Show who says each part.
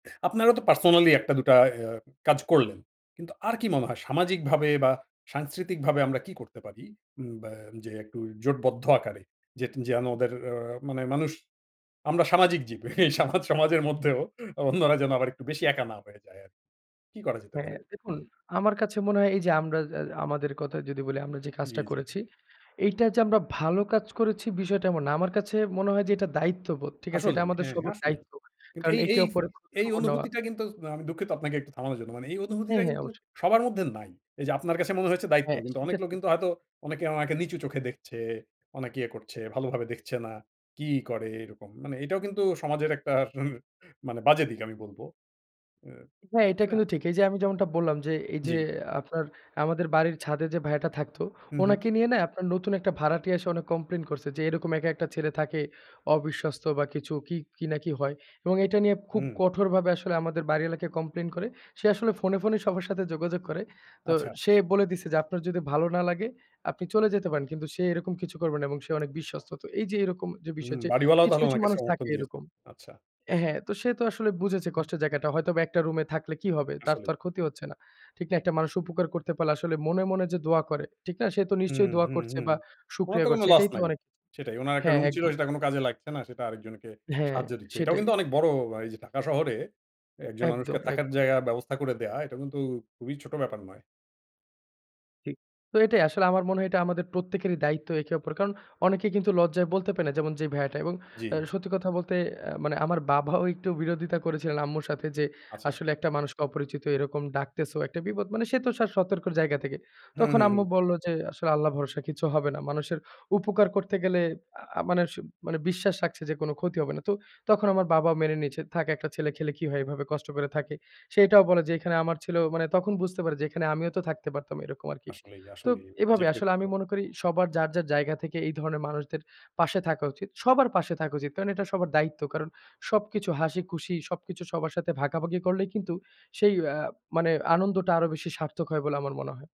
Speaker 1: আপনারাও তো পার্সোনালি ১ টা দুটা এ আ কাজ করলেন। কিন্তু আর কি মনে হয় সামাজিকভাবে বা সাংস্কৃতিকভাবে আমরা কি করতে পারি? উম বা যে একটু জোটবদ্ধ আকারে যেট যেন ওদের অ্যা মানে মানুষ আমরা সামাজিক জীব। এই সামাজ সমাজের মধ্যেও অন্যরা যেন আবার একটু বেশি একা না হয়ে যায় আরকি। কি করা যেতে
Speaker 2: হ্যাঁ,
Speaker 1: পারে?
Speaker 2: দেখুন, আমার কাছে মনে হয় এই যে আমরা যে আ আমাদের কথা যদি বলি আমরা যে কাজটা
Speaker 1: জ্বি, জ্বি।
Speaker 2: করেছি, এইটা যে আমরা ভালো কাজ করেছি বিষয়টা এমন না। আমার কাছে মনে হয় যে এটা দায়িত্ববোধ, ঠিক আছে? এটা
Speaker 1: আসলেই
Speaker 2: আমাদের
Speaker 1: হ্যাঁ,
Speaker 2: সবার
Speaker 1: আসলেই।
Speaker 2: দায়িত্ব।
Speaker 1: কিন্তু
Speaker 2: কারণ
Speaker 1: এই,
Speaker 2: একে
Speaker 1: এই
Speaker 2: ওপরে
Speaker 1: এই,
Speaker 2: খোঁজখবর নেওয়া
Speaker 1: অনুভূতিটা কিন্তু আমি দুঃখিত আপনাকে একটু থামানোর জন্য। মানে এই
Speaker 2: হ্যাঁ,
Speaker 1: অনুভূতিটা
Speaker 2: হ্যাঁ,
Speaker 1: কিন্তু
Speaker 2: অবশ্যই।
Speaker 1: সবার মধ্যে নাই। এই যে আপনার কাছে মনে হয়েছে দায়িত্ব,
Speaker 2: হ্যাঁ,
Speaker 1: কিন্তু
Speaker 2: সেটা
Speaker 1: অনেক লোক
Speaker 2: ঠিক।
Speaker 1: কিন্তু হয়তো অনেকে উনাকে নিচু চোখে দেখছে। অনেক ইয়ে করছে, ভালোভাবে দেখছে না, "কি করে এরকম।" মানে এটাও কিন্তু সমাজের একটা উর মানে বাজে দিক আমি বলব। অ্যা
Speaker 2: হ্যাঁ, এটা
Speaker 1: তাই না?
Speaker 2: কিন্তু ঠিক। এই যে আমি যেমনটা বললাম যে এই যে
Speaker 1: জ্বি।
Speaker 2: আপনার আমাদের বাড়ির ছাদে যে ভাইয়াটা থাকতো,
Speaker 1: হু, হু
Speaker 2: উনাকে নিয়ে না? আপনার নতুন একটা ভাড়াটিয়া এসে কমপ্লেইন করছে যে "এরকম একা একটা ছেলে থাকে। অবিশ্বস্ত বা কিছু কি, কি, না কি হয়?" এবং এটা নিয়ে খুব
Speaker 1: হুম।
Speaker 2: কঠোরভাবে আসলে আমাদের বাড়িওয়ালাকে কমপ্লেইন করে। সে আসলে ফোনে, ফোনে, সবার সাথে যোগাযোগ করে। তো
Speaker 1: আচ্ছা।
Speaker 2: সে বলে দিছে যে "আপনার যদি ভালো না লাগে, আপনি চলে যেতে পারেন। কিন্তু সে এরকম কিছু করবে না এবং সে অনেক বিশ্বস্ত।" তো এই যে এরকম যে
Speaker 1: হুম
Speaker 2: বিষয় যে
Speaker 1: বাড়িওয়ালাও
Speaker 2: কিছু,
Speaker 1: তাহলে
Speaker 2: কিছু,
Speaker 1: ওনাকে
Speaker 2: মানুষ
Speaker 1: সমর্থন
Speaker 2: থাকে
Speaker 1: দিয়েছে।
Speaker 2: এরকম
Speaker 1: আচ্ছা।
Speaker 2: হ্যাঁ, সে তো আসলে বুঝেছে
Speaker 1: হু।
Speaker 2: কষ্টের জায়গাটা। হয়তোবা একটা রুমে থাকলে কি হবে? তার তো
Speaker 1: আসলেই।
Speaker 2: আর ক্ষতি হচ্ছে না, ঠিক না? একটা মানুষ উপকার করতে পারলে আসলে মনে, মনে, যে দোয়া করে। ঠিক না? সে তো
Speaker 1: হুম,
Speaker 2: নিশ্চয়ই দোয়া
Speaker 1: হুম,
Speaker 2: করছে
Speaker 1: হুম।
Speaker 2: বা
Speaker 1: ওনার
Speaker 2: শুকরিয়া
Speaker 1: তো কোনো
Speaker 2: করছে।
Speaker 1: লস
Speaker 2: এটাই তো
Speaker 1: নাই,
Speaker 2: অনেক
Speaker 1: সেটাই। ওনার একটা
Speaker 2: হ্যাঁ,
Speaker 1: রুম ছিল
Speaker 2: একদম।
Speaker 1: সেটা কোন কাজে লাগছে না, সেটা আরেকজনকে
Speaker 2: হ্যাঁ,
Speaker 1: সাহায্য দিচ্ছে। এটাও
Speaker 2: সেটাই।
Speaker 1: কিন্তু অনেক বড় আ এই যে ঢাকা শহরে, একজন মানুষকে
Speaker 2: একদম,
Speaker 1: থাকার
Speaker 2: একদম।
Speaker 1: জায়গায় ব্যবস্থা করে দেওয়া, এটা কিন্তু খুবই ছোট ব্যাপার নয়।
Speaker 2: ঠিক। তো এটাই আসলে আমার মনে হয় এটা আমাদের প্রত্যেকেরই দায়িত্ব একে-অপর। কারণ অনেকে কিন্তু লজ্জায় বলতে পারে না যেমন যে ভাইয়াটা। এবং অ্যা
Speaker 1: জ্বি।
Speaker 2: সত্যি কথা বলতে অ্যা মানে আমার বাবাও একটু বিরোধিতা করেছিলেন আম্মুর সাথে যে
Speaker 1: আচ্ছা।
Speaker 2: আসলে "একটা মানুষকে অপরিচিত এরকম ডাকতেছো, একটা বিপদ।" মানে সে তো সা সতর্কর জায়গা থেকে।
Speaker 1: হু,
Speaker 2: তখন
Speaker 1: হু, হু।
Speaker 2: আম্মু বলল যে, আসলে "আল্লাহ ভরসা কিছু হবে না। মানুষের উপকার করতে গেলে" আ আ মানে স মানে বিশ্বাস রাখছে যে কোন ক্ষতি হবে না। তো তখন আমার বাবাও মেনে নিয়েছে "থাক একটা ছেলে খেলে কি হয়? এভাবে কষ্ট করে থাকে।" সে এটাও বলে যে "এখানে আমার ছেলেও" মানে তখন বুঝতে পারে যে এখানে আমিও তো থাকতে পারতাম, এরকম আরকি।
Speaker 1: আসলেই,
Speaker 2: তো
Speaker 1: আসলেই। যে
Speaker 2: এভাবে
Speaker 1: কেও
Speaker 2: আসলে
Speaker 1: করতে
Speaker 2: আমি
Speaker 1: পারবে।
Speaker 2: মনে করি সবার যার, যার, জায়গা থেকে এই ধরনের মানুষদের পাশে থাকা উচিত, সবার পাশে থাকা উচিত। কারণ এটা সবার দায়িত্ব। কারণ সবকিছু হাসি, খুশি সবকিছু সবার সাথে ভাগাভাগি করলেই কিন্তু সেই অ্যা মানে আনন্দটা আরো বেশি সার্থক হয় বলে আমার মনে হয়।